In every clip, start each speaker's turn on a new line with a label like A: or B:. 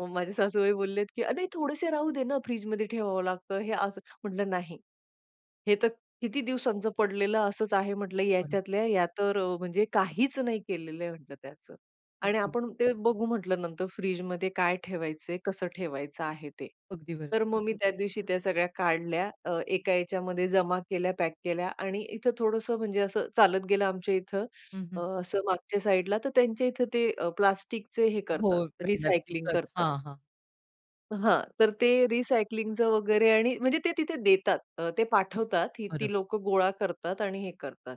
A: मग माझे सासूबाई बोललेत, की "अरे, थोडेसे राहू दे ना, फ्रिजमध्ये ठेवावं लागतं, हे असं." म्हटलं, "नाही, हे तर किती दिवसांच पडलेलं असंच आहे," म्हटलं.
B: अरे!
A: "याच्यातल्या या तर अ, म्हणजे काहीच नाही केलेलं आहे," म्हटलं, "त्याचं." आणि
B: अगदी.
A: "आपण ते बघू," म्हटलं, "नंतर फ्रिजमध्ये काय ठेवायचंय, कसं ठेवायचं आहे ते."
B: अगदी बरोबर.
A: तर मग मी त्या दिवशी त्या सगळ्या काढल्या अ, एका याच्यामध्ये जमा केल्या, पॅक केल्या आणि इथे थोडंसं म्हणजे असं चालत गेलं आमच्या इथं
B: हं,
A: अ,
B: हं.
A: असं मागच्या साइडला तर त्यांच्या इथे ते प्लास्टिकचे हे
B: हो.
A: करतात
B: उपाय नक्की
A: रिसायकलिंग
B: करतो.
A: करतात.
B: हां, हां.
A: हां. तर ते रिसायकलिंगचं वगैरे आणि म्हणजे ते तिथे देतात. अ, ते पाठवतात. ती ती
B: बरं.
A: लोकं गोळा करतात आणि हे करतात.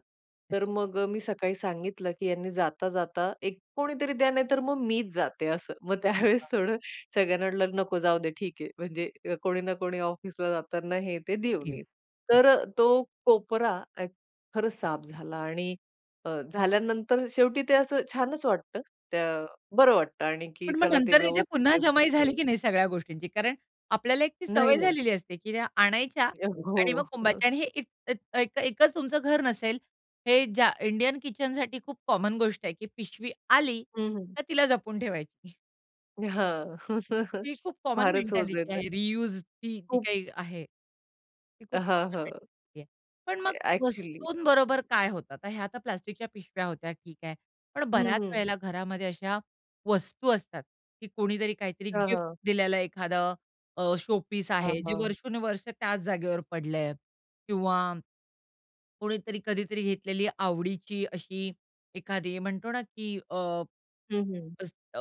A: तर
B: अच्छा.
A: मग अ, मी सकाळी सांगितलं की "यांनी जाता, जाता एक कोणीतरी द्या नाहीतर मग मीच जाते," असं. मग त्यावेळेस
B: हां.
A: थोडं सगळ्यांना म्हटलं, "नको जाऊदे ठीक आहे." म्हणजे कोणी ना कोणी ऑफिसला जाताना हे, ते देऊन
B: देऊ.
A: येईल.
B: हं.
A: तर अ, तो कोपरा अ, खरंच साफ झाला. आणि अ, झाल्यानंतर शेवटी ते असं छानच वाटतं. त्या बरं वाटतं आणि की
B: पण मग
A: चला ते
B: नंतर त्याच्या
A: व्यवस्थित
B: पुन्हा
A: आहे
B: जमाई झाली
A: तिथे.
B: की नाही सगळ्या गोष्टींची? कारण आपल्याला एक ती
A: नाही,
B: सवय
A: नाही.
B: झालेली असते, की त्या आणायच्या
A: अ,
B: आणि मग
A: हो.
B: कोंबायच्या आणि हे ए ए एक एकच तुमचं घर नसेल. हे ज्या इंडियन किचनसाठी खूप कॉमन गोष्ट आहे, की पिशवी आली
A: हं, हं.
B: तर तिला जपून ठेवायची.
A: हां.
B: ती खूप कॉमन
A: फारच होतं
B: मेंटॅलिटी
A: जातं.
B: आहे. रीयूज ती जी
A: खूप.
B: काही आहे. ती खूप
A: हां,
B: कॉमन
A: हां.
B: मेंटॅलिटी आहे. पण मग
A: ते ॲक्चुअली.
B: वस्तूंबरोबर काय होतं? तर ह्या तर प्लास्टिकच्या पिशव्या होत्या, ठीक आहे. पण बऱ्याच
A: हं, हं.
B: वेळेला घरामध्ये अशा वस्तू असतात, की कोणीतरी काहीतरी
A: हां,
B: गिफ्ट
A: हां.
B: दिलेलं एखादं अ, शोपीस
A: हां,
B: आहे, जे
A: हां.
B: वर्षोनवर्ष त्याच जागेवर पडलंय किंवा कोणीतरी कधीतरी घेतलेली आवडीची अशी एखादी म्हणतो ना, की अ,
A: हं, हं.
B: अस अ,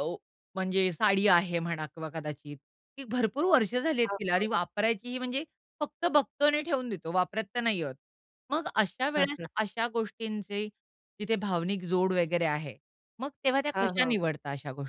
B: म्हणजे साडी आहे म्हणा किंवा कदाचित. ती भरपूर वर्ष झाली आहेत
A: हां,
B: तिला आणि
A: हां.
B: वापरायचीही म्हणजे फक्त बघतो आणि ठेवून देतो. वापरात तर नाही आहोत. मग अशा वेळेस अशा गोष्टींचे तिथे भावनिक जोड वगैरे आहे. मग तेव्हा त्या
A: हां,
B: कशा
A: हां.
B: निवडता अशा गोष्टी?